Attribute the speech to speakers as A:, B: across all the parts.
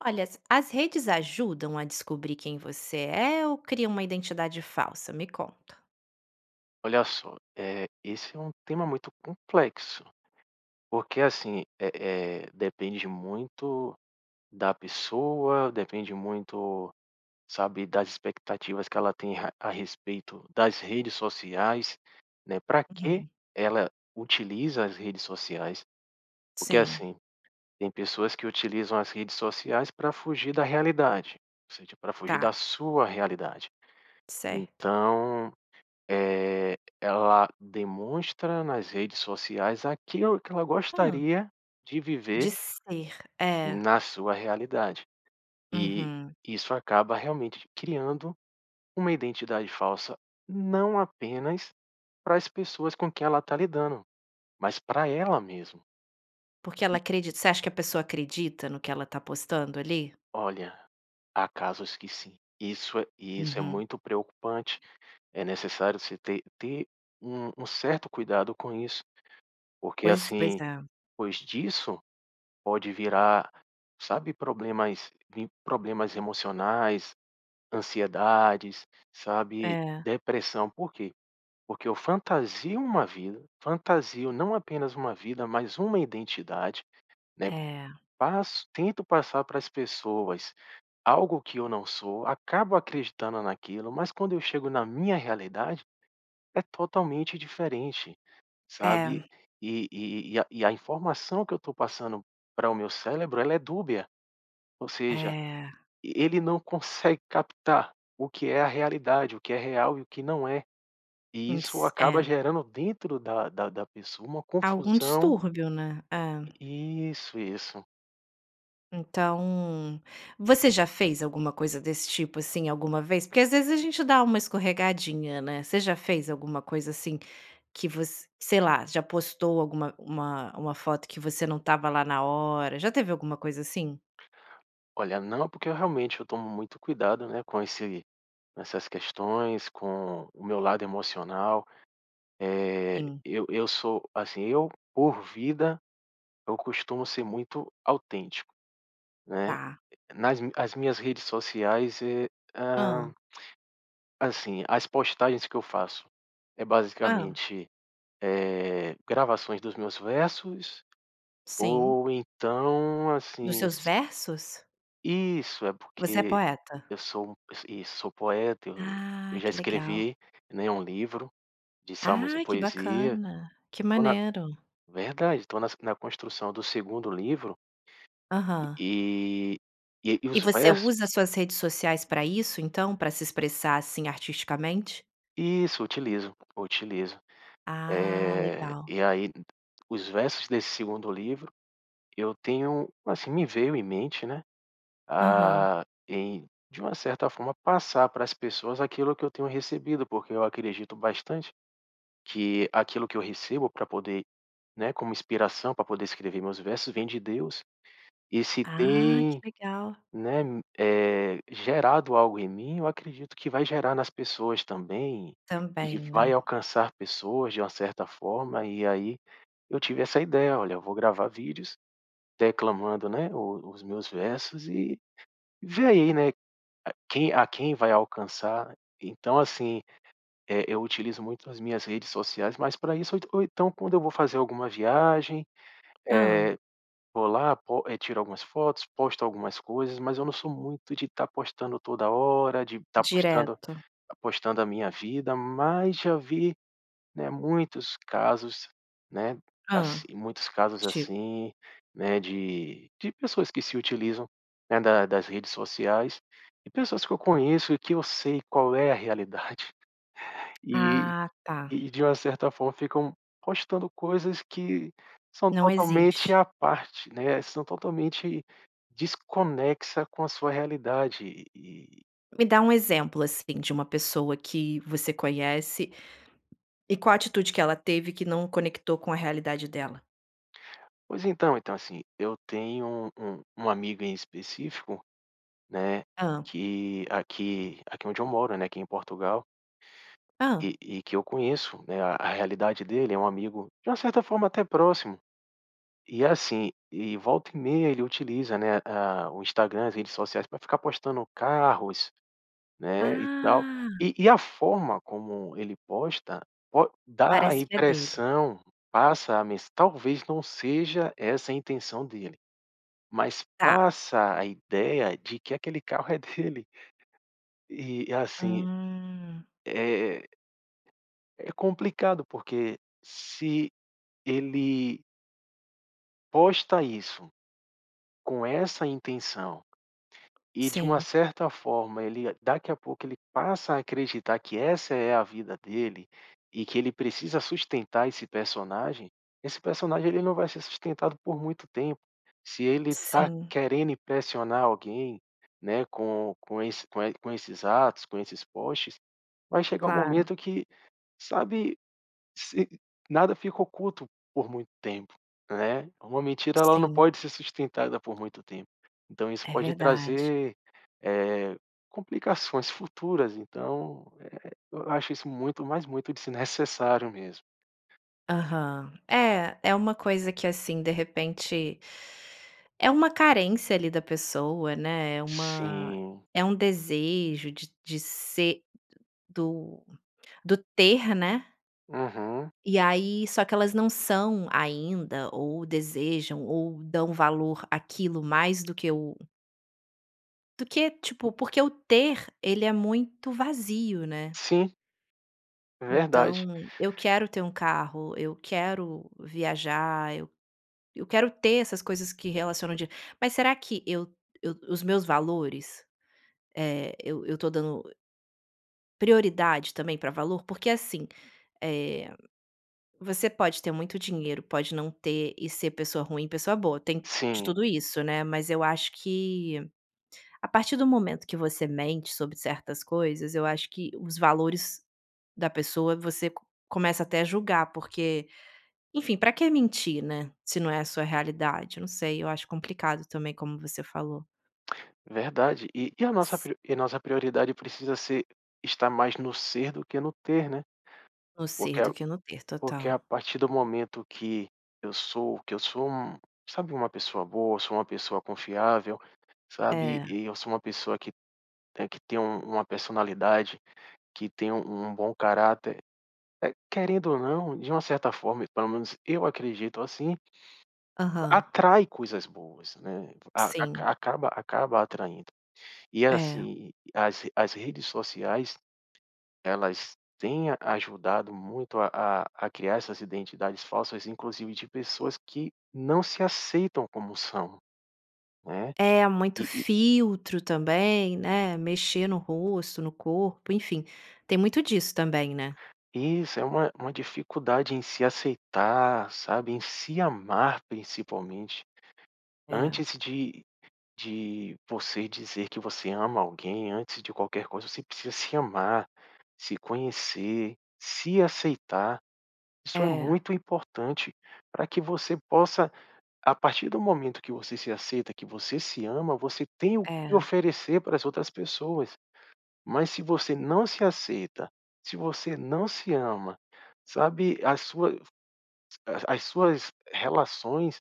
A: Olha, as as redes ajudam a descobrir quem você é, ou criam uma identidade falsa? Me conta.
B: Olha só, eh, esse é um tema muito complexo. Porque assim, eh eh, depende muito da pessoa, depende muito, sabe, das expectativas que ela tem a a respeito das redes sociais, né, para que
A: Uhum.
B: ela utiliza as redes sociais. Porque
A: Sim.
B: assim, tem pessoas que utilizam as redes sociais para fugir da realidade. Ou seja, para fugir da
A: Tá.
B: sua realidade.
A: Certo.
B: Então, eh, ela demonstra nas redes sociais aquilo que ela
A: Hã?
B: gostaria de viver
A: De ser. É.
B: na sua realidade. E,
A: Uhum.
B: isso acaba realmente criando uma identidade falsa, não apenas para as pessoas com quem ela está lidando, mas pra ela mesmo.
A: Porque ela
B: E
A: acredita você acha que a pessoa acredita no que ela tá postando, ali?
B: Olha, há casos que sim. Isso é e isso é
A: Uhum.
B: muito preocupante. É necessário você ter ter um um certo cuidado com isso. Porque
A: Pois pois
B: assim
A: é.
B: pois disso, pode virar, sabe, problemas vim, problemas emocionais, ansiedades, sabe,
A: É.
B: depressão. Por quê? Porque eu fantasio uma vida, fantasio não apenas uma vida, mas uma identidade, né.
A: É.
B: Passo tento passar para as pessoas algo que eu não sou, acabo acreditando naquilo, mas quando eu chego na minha realidade, é totalmente diferente, sabe.
A: É.
B: E e e a e a informação que eu tô passando para o meu cérebro ela é dúbia. Ou seja,
A: É.
B: e ele não consegue captar o que é a realidade, o que é real e o que não é. E
A: Hum,
B: isso
A: si
B: acaba
A: é.
B: gerando dentro da da da pessoa uma
A: Algum
B: confusão.
A: distúrbio, né? É.
B: Isso, isso.
A: Então, você já fez alguma coisa desse tipo, assim, alguma vez? Porque às vezes a gente dá uma escorregadinha, né? Você já fez alguma coisa assim que voc sei lá, já postou alguma uma uma foto que você não estava lá na hora? Já teve alguma coisa assim?
B: Olha não, porque eu realmente, eu tomo muito cuidado, né, com esse com essas questões, com o meu lado emocional. Eh,
A: Sim.
B: eu eu sou, assim, eu, por vida, eu costumo ser muito autêntico, né.
A: Tá.
B: Nas mi as minhas redes sociais, eh,
A: Hã.
B: hã assim, as postagens que eu faço é
A: Hã.
B: basicamente, eh, gravações dos meus versos
A: Sim.
B: ou então,
A: Dos
B: assim,
A: seus
B: s
A: versos?
B: Isso, é
A: Você é
B: porque
A: poeta?
B: eu sou um is isso, sou poeta, eu eu
A: Ah,
B: já
A: que legal.
B: escrevi, né, um livro, de Salmos e
A: Ah, que
B: poesia.
A: bacana. Que
B: Tô na
A: maneiro.
B: verdade, tô nas na construção do segundo livro. E
A: Aham.
B: e, e e
A: E
B: os
A: você
B: versos
A: usa suas redes sociais para isso, então, para se expressar, assim, artisticamente?
B: Isso, utilizo, utilizo.
A: Ah,
B: Eh,
A: legal.
B: e aí d os versos desse segundo livro, eu tenho assim, me veio em mente, né,
A: Aham.
B: ah, em de uma certa forma passar para as pessoas aquilo que eu tenho recebido, porque eu acredito bastante que aquilo que eu recebo para poder, né, como inspiração, para poder escrever meus versos, vem de Deus, e se
A: Ah, que
B: tem,
A: legal.
B: né, m eh, gerado algo em mim, eu acredito que vai gerar nas pessoas também, e
A: Também,
B: que vai
A: né.
B: alcançar pessoas de uma certa forma e aí eu tive essa ideia: "Olha, eu vou gravar vídeos, declamando, né, o os meus versos e vê aí, né, quem a quem vai alcançar". Então assim, eh, eu utilizo muito as minhas redes sociais mais para isso, ou en ou então quando eu vou fazer alguma viagem,
A: Hã.
B: eh, vou lá, pos tiro algumas fotos, posto algumas coisas, mas eu não sou muito de estar postando toda hora, de estar postando
A: Direto.
B: tá postando a minha vida, mas já vi, né, muitos casos, né,
A: Hã.
B: assi muitos casos
A: Tip
B: assim, né, de de pessoas que se utilizam, né, da das redes sociais, e pessoas que eu conheço e que eu sei qual é a realidade. E
A: Ah, tá.
B: e de uma certa forma ficam postando coisas que são
A: Não
B: totalmente
A: existe.
B: à parte, né, são totalmente desconexa com a sua realidade. E e
A: Me dá um exemplo, assim, de uma pessoa que você conhece, e qual atitude que ela teve que não conectou com a realidade dela?
B: Pois, então então, assim, eu tenho um um amigo em específico, né,
A: Hã.
B: que aqui aqui onde eu moro, né, aqui em Portugal
A: Hã?
B: E e e que eu conheço, né, a realidade dele é um amigo de uma certa forma até próximo. E assim e volta e meia ele utiliza, né, hã, o Instagram, as redes sociais pra ficar postando carros, né, e tal.
A: Ah.
B: E e a forma como ele posta po dá a
A: Parece que é dele.
B: impressão, passa a mensa talvez não seja essa a intenção dele, mas
A: Tá.
B: passa a ideia de que aquele carro é dele. E e assim,
A: Hum.
B: eh É complicado, porque se ele posta isso, com essa intenção e, de uma
A: Sim.
B: certa forma, ele daqui a pouco, ele passa a acreditar que essa é a vida dele e que ele precisa sustentar esse personagem. Esse personagem ele não vai ser sustentado por muito tempo. Se ele está
A: Sim.
B: querendo impressionar alguém, né, com com esse com e com esses atos, com esses posts, vai chegar um
A: Claro.
B: momento que, sabe? Se nada fica oculto por muito tempo, né? Uma mentira, ela não
A: Sim.
B: pode ser sustentada por muito tempo, então isso
A: É
B: pode
A: verdade.
B: trazer, eh, complicações futuras então, eh, eu acho isso muito, mas muito desnecessário mesmo.
A: Aham. É, é uma coisa que assim, de repente é uma carência ali da pessoa, né, uma
B: Sim.
A: é um desejo de t de ser do do do ter, né?
B: Aham.
A: E aí só que elas não são ainda ou desejam ou dão valor àquilo mais do que o do que, tipo, porque o ter ele é muito vazio, né.
B: Sim. Verdade.
A: Então, eu quero ter um carro, eu quero viajar, eu quero ter essas coisas que relacionam dinheiro, mas será que o o os meus valores, eh, eu eu tô dando prioridade também pra valor? Porque assim, eh, você pode ter muito dinheiro, pode não ter e ser pessoa ruim e pessoa boa tem de
B: Sim.
A: tudo isso, né. Mas eu acho que a partir do momento que você mente sobre certas coisas eu acho que os valores da pessoa você co começa até a julgar porque, enfim pra que mentir, né, se não é a sua realidade? Eu não sei, eu acho complicado também como você falou.
B: Verdade. E e a nossa
A: S
B: pri e a nossa prioridade precisa ser estar mais no ser do que no ter, né.
A: No ser
B: Porque
A: do que no ter,
B: porque a
A: total.
B: partir do momento que eu sou que eu sou, sabe? Uma pessoa boa, sou uma pessoa confiável, sabe?
A: É.
B: E eu sou uma pessoa que, eh, que tem um uma personalidade, que tem um um bom caráter, eh, querendo ou não, de uma certa forma e pelo menos eu acredito assim
A: Aham.
B: atrai coisas boas, né, a
A: Sim.
B: a acaba acaba atraindo. E
A: É.
B: assim, as as redes sociais, elas têm a ajudado muito a a a criar essas identidades falsas inclusive de pessoas que não se aceitam como são, né.
A: É, muito
B: E e e
A: filtro também, né, mexer no rosto, no corpo, enfim, tem muito disso também, né.
B: Isso é uma uma dificuldade em se aceitar, sabe? Em se amar principalmente.
A: É.
B: Antes de de você dizer que você ama alguém, antes de qualquer coisa você precisa se amar, se conhecer, se aceitar. Isso é
A: É.
B: muito importante pra que você possa a partir do momento que você se aceita, que você se ama, você tem o que
A: É.
B: oferecer para as outras pessoas. Mas se você não se aceita, se você não se ama, sabe? A sua a a as suas relações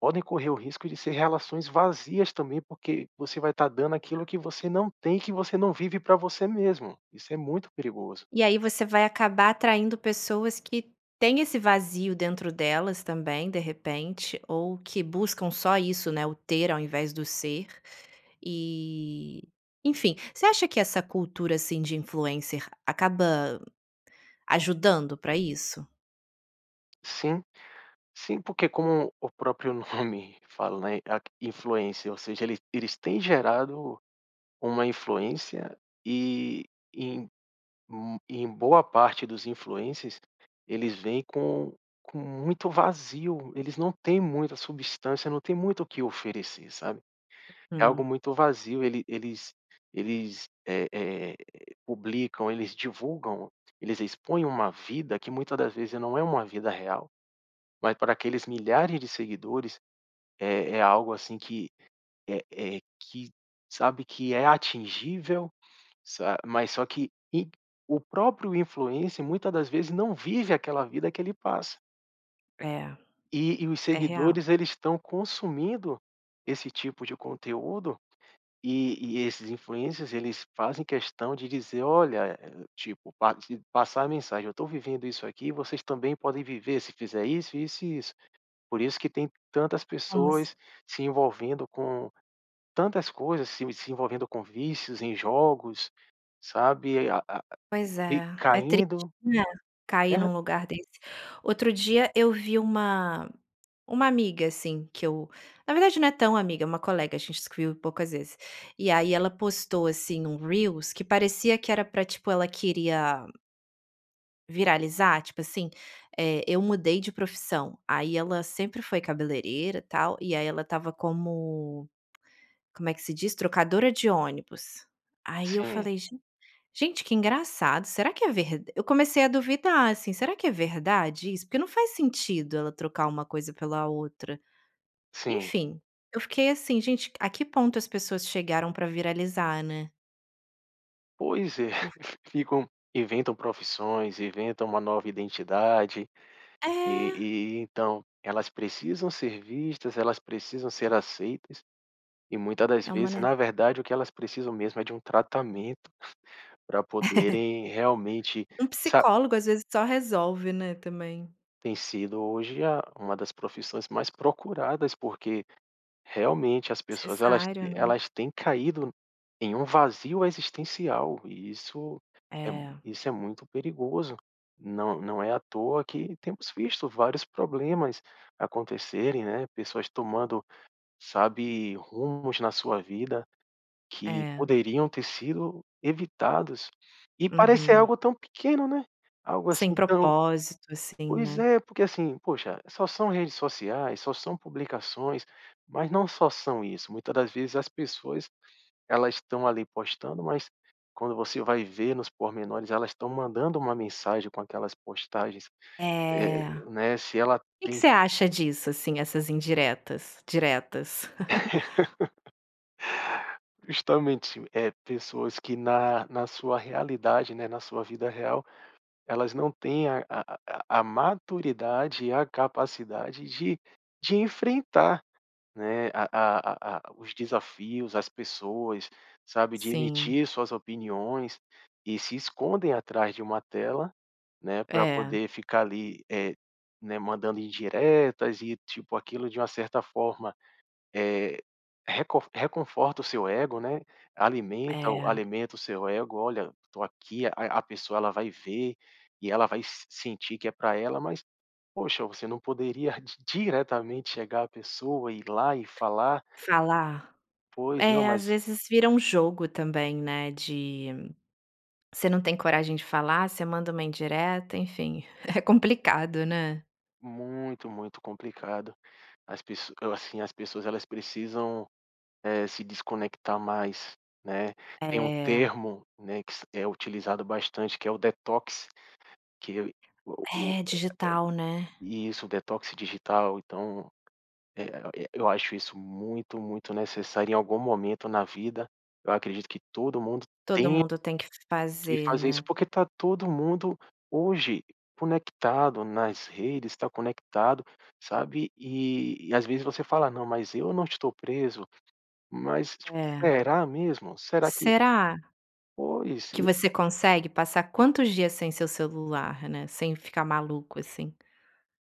B: podem correr o risco de ser relações vazias também porque você vai estar dando aquilo que você não tem e que você não vive pra você mesmo, isso é muito perigoso.
A: E aí você vai acabar atraindo pessoas que têm esse vazio dentro delas também, de repente. Ou que buscam só isso, né, o ter ao invés do ser e enfim, você acha que essa cultura assim de influencer acaba ajudando pra isso?
B: Sim. Sim, porque como o próprio nome, fala, né, a q influência, ou seja ele eles têm gerado uma influência, e em hum em boa parte dos influencers, eles vêm com com muito vazio, eles não têm muita substância, não têm muito o que oferecer, sabe? É algo
A: Uhum.
B: muito vazio, ele eles eles, eh eh, publicam, eles divulgam, eles expõem uma vida que muita das vezes não é uma vida real, mas para aqueles milhares de seguidores, é é algo assim que é é que sabe? Que é atingível, sa mas só que e o próprio influencer muita das vezes não vive aquela vida que ele passa.
A: É,
B: E e os
A: é real.
B: seguidores eles estão consumindo esse tipo de conteúdo, e e esses influencers eles fazem questão de dizer: "Olha," eh, tipo, pa passar a mensagem, "Eu tô vivendo isso aqui, vocês também podem viver se fizer isso, isso e isso." Por isso que tem tantas
A: Umas
B: pessoas se envolvendo com tantas coisas se se envolvendo com vícios em jogos, sabe? E ai a a
A: Pois
B: e
A: é, é triste,
B: caindo
A: né, cair
B: [unintelligible]
A: num lugar desse. Outro dia eu vi uma uma amiga assim que eu na verdade não é tão amiga, é uma colega, a gente se viu poucas vezes. E aí ela postou assim um reels que parecia que era pra, tipo, ela queria viralizar, tipo assim, eh, eu mudei de profissão. Aí ela sempre foi cabeleireira tal e aí ela estava como como é que se diz? Trocadora de ônibus. Aí eu
B: Sim.
A: falei, gen gente que engraçado será que é ver eu comecei a duvidar assim será que é verdade isso? Porque não faz sentido ela trocar uma coisa pela outra.
B: Sim.
A: Enfim, eu fiquei assim gente a que ponto as pessoas chegaram pra viralizar, né?
B: Pois é,
A: Por
B: ficam inventam profissões, inventam uma nova identidade, e
A: É.
B: e então elas precisam ser vistas, elas precisam ser aceitas, e muita das
A: É uma,
B: vezes
A: ne
B: na verdade o que elas precisam mesmo é de um tratamento, pra poderem realmente
A: Um
B: sa
A: psicólogo, às vezes, só resolve, né, também.
B: Tem sido hoje, a uma das profissões mais procuradas porque realmente as pessoas, elas
A: Necessário,
B: t
A: né.
B: elas têm caído em um vazio existencial e isso é mui
A: É.
B: isso é muito perigoso. Não não é à toa que temos visto vários problemas acontecerem, né, pessoas tomando, sabe, rumos na sua vida que
A: É.
B: poderiam ter sido evitados e parecer
A: Uhum.
B: algo tão pequeno, né, algo
A: Sem
B: assim tão
A: propósito assim,
B: pois
A: né.
B: é porque, assim, poxa só são redes sociais, só são publicações, mas não só são isso, muita das vezes as pessoas elas estão ali postando, mas quando você vai ver nos pormenores elas estão mandando uma mensagem com aquelas postagens, eh
A: É. O
B: né, se ela
A: que que
B: tem
A: você acha disso, assim? Essas indiretas, diretas?
B: Justamente, eh, pessoas que na na sua realidade, né, na sua vida real elas não têm a a a a a maturidade e a capacidade de de enfrentar, né, a a a a os desafios, as pessoas, sabe, de
A: Sim.
B: emitir suas opiniões e se escondem atrás de uma tela, né, pra
A: É.
B: poder ficar ali, eh, né, mandando indiretas e, tipo, aquilo de uma certa forma, eh, recon reconforta o seu ego, né. Alimenta o
A: É.
B: alimenta o seu ego: "Olha eu tô aqui." A a pessoa ela vai ver e ela vai s sentir que é pra ela, mas poxa você não poderia di diretamente chegar à pessoa e ir lá e falar
A: Falar.
B: Pois não,
A: É às
B: mas
A: vezes vira um jogo também, né, de você não tem coragem de falar, você manda uma indireta, enfim, é complicado, né?
B: Muito muito complicado, as pes assim, as pessoas elas precisam, eh, se desconectar mais, né. Tem um
A: É.
B: termo, né, que se é utilizado bastante que é o detox, que o o
A: É, digital né?
B: eh eh isso o detox digital. Então, eh eh, eu acho isso muito muito necessário em algum momento na vida, eu acredito que todo mundo
A: Todo
B: tenha
A: mundo tem que f
B: que
A: fazer,
B: fazer isso.
A: né.
B: Porque tá todo mundo hoje conectado nas redes, tá conectado, sabe e e às vezes você fala: "Não mas eu não estou preso." Mas tipo
A: É.
B: será mesmo? Será que
A: Será
B: Pois,
A: que
B: e
A: você consegue passar quantos dias sem o seu celular, né? Sem ficar maluco assim?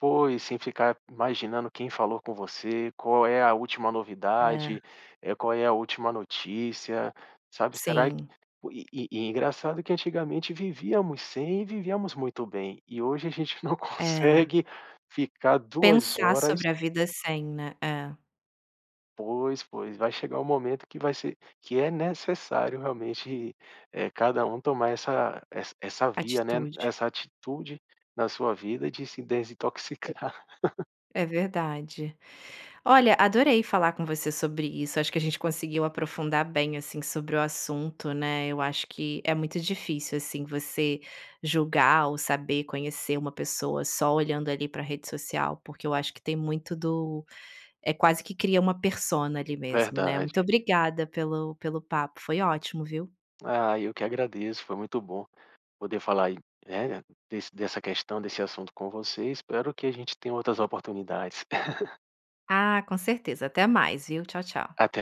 B: Pois. Sem ficar imaginando quem falou com você, qual é a última
A: É.
B: novidade, eh, qual é a última notícia, sabe. Será que
A: Sim.
B: e e engraçado que antigamente vivíamos sem, e vivíamos muito bem. E hoje a gente não
A: É.
B: consegue ficar 2
A: Pensar
B: horas
A: sobre a vida sem, né? É.
B: Pois, pois. Vai chegar o momento que vai ser que é necessário realmente, eh, cada um tomar essa essa essa via, né. E
A: Atitude.
B: essa atitude na sua vida, de se desintoxicar.
A: É verdade. Olha, adorei falar com você sobre isso. Acho que a gente conseguiu aprofundar bem assim sobre o assunto, né. Eu acho que é muito difícil, assim, você julgar ou saber conhecer uma pessoa só olhando ali pra rede social, porque eu acho que tem muito do é quase que cria uma persona ali mesmo, né.
B: Verdade.
A: Muito obrigada pelo pelo papo, foi ótimo, viu.
B: Ah, eu que agradeço, foi muito bom poder falar aí, eh eh, desse dessa questão desse assunto com você. Espero que a gente tenha outras oportunidades.
A: Ah, com certeza, até mais, viu. Tchau, tchau.
B: Até.